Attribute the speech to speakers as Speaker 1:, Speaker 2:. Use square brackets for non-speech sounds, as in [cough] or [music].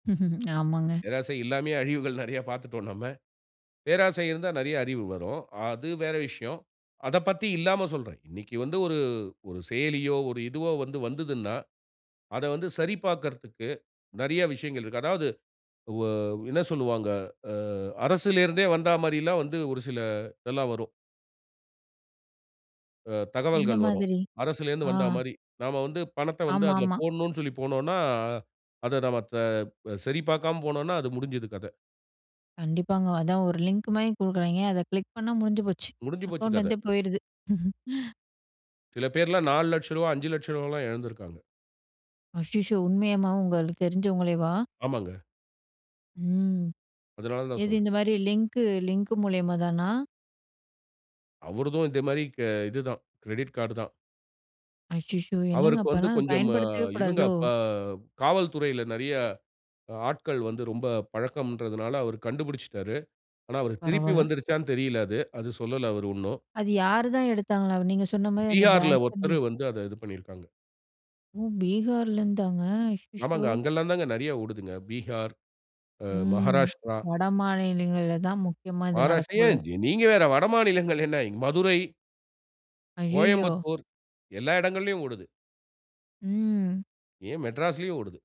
Speaker 1: [chuckles] ஆமாங்க.
Speaker 2: பேராசை இல்லாமயே அழிவுகள் நெறைய பாத்துட்டோம் நம்ம. பேராசை இருந்தா நெறைய அறிவு வரும். அது வேற விஷயம். அதப் பத்தி இல்லாம சொல்றேன். இன்னைக்கு வந்து ஒரு ஒரு செயலியோ, ஒரு இதுவோ வந்து வந்துதுன்னா, அத வந்து சரி பாக்கிறதுக்கு நெறைய விஷயங்கள் இருக்கு. அதாவது வ என்ன சொல்லுவாங்க, அ அரசிலிருந்தே வந்தா மாரில்லாம் வந்து ஒரு சில இதெல்லாம் வரும். ஆ
Speaker 1: எந்த
Speaker 2: தகவல்கள் வரும்.
Speaker 1: மாதிரி?
Speaker 2: அரசிலருந்து
Speaker 1: ஆ
Speaker 2: வந்த மாரி, நாம வந்து பணத்தை வந்து அதில
Speaker 1: ஆமாமா.
Speaker 2: போடணுன் சொல்லி போனோம்ன்னா, அத நம்ம தா சரி பாக்காம போனோன்னா, அது முடிஞ்சுது கதை.
Speaker 1: கண்டிப்பாங்க. அதான் ஒரு லிங்க் மாரி குடுக்குராய்ங்க. அதை கிளிக் பண்ணா முடிஞ்சு போச்சு!
Speaker 2: முடிஞ்சு போச்சு கதை.
Speaker 1: அக்கௌண்ட்லருந்தே போயிடுது. [chuckles]
Speaker 2: சில பேர்லாம் ரூ. 400000, ரூ. 500000 எல்லாம் இழந்திருக்காங்க.
Speaker 1: ஐயயோ! உண்மையமா உங்களுக்கு தெரிஞ்சவங்களேவா?
Speaker 2: ஆமாங்க.
Speaker 1: ம்.
Speaker 2: அதனால தான்
Speaker 1: எது
Speaker 2: சொல்றேன்.
Speaker 1: இந்த மாதிரி லிங்க்கு லிங்க் மூலியமா தானா?
Speaker 2: அவருதும் இதே மாதிரி க இதுதான். கிரெடிட் கார்டுதான்.
Speaker 1: அச்சச்சோ! என்னங்க?
Speaker 2: அவருக்கு வந்து
Speaker 1: அப்பனா
Speaker 2: கொஞ்சம்,
Speaker 1: பயன்படுத்தவே
Speaker 2: இவுங்க
Speaker 1: கூடாதோ?
Speaker 2: ப காவல்துறையில நெறைய ஆட்கள் வந்து ரொம்ப பழக்கம்ன்றுதனால, அவரு கண்டுபிடிச்சுட்டாரு. ஆனா அவருக்கு திருப்பி
Speaker 1: பரவால்ல.
Speaker 2: வந்துருச்சான்னு தெரியலை அது. அது சொல்லல அவரு ஒண்ணும்.
Speaker 1: அது யார் தான் எடுத்தாங்களாம்? நீங்க சொன்ன மாரி அந்த
Speaker 2: பீகார்ல
Speaker 1: பேங்க்
Speaker 2: ஒருத்தரு
Speaker 1: [unintelligible]
Speaker 2: வந்து அத இது பண்ணிருக்காங்க.
Speaker 1: ம் பீகாரிலருந்தாங்க அச்சச்சோ!
Speaker 2: ஆமாங்க. அங்கெல்லாம் தாங்க நிறைய ஓடுதுங்க. பீகார் அ
Speaker 1: ம்
Speaker 2: மகாராஷ்டிரா.
Speaker 1: வடமாநிலங்கள்ல தான் முக்கியமா இது
Speaker 2: மகாராஷ்டிரா,
Speaker 1: நடக்கும் போல
Speaker 2: ஏன்
Speaker 1: இருக்
Speaker 2: நீங்க வேற வடமாநிலங்கள் என்ன இங் மதுரை
Speaker 1: அய்யயோ!
Speaker 2: கோயம்புத்தூர் எல்லா இடங்கள்லயும் ஓடுது.
Speaker 1: ம்.
Speaker 2: ஏ, மெட்ராஸ்லயும் ஓடுது.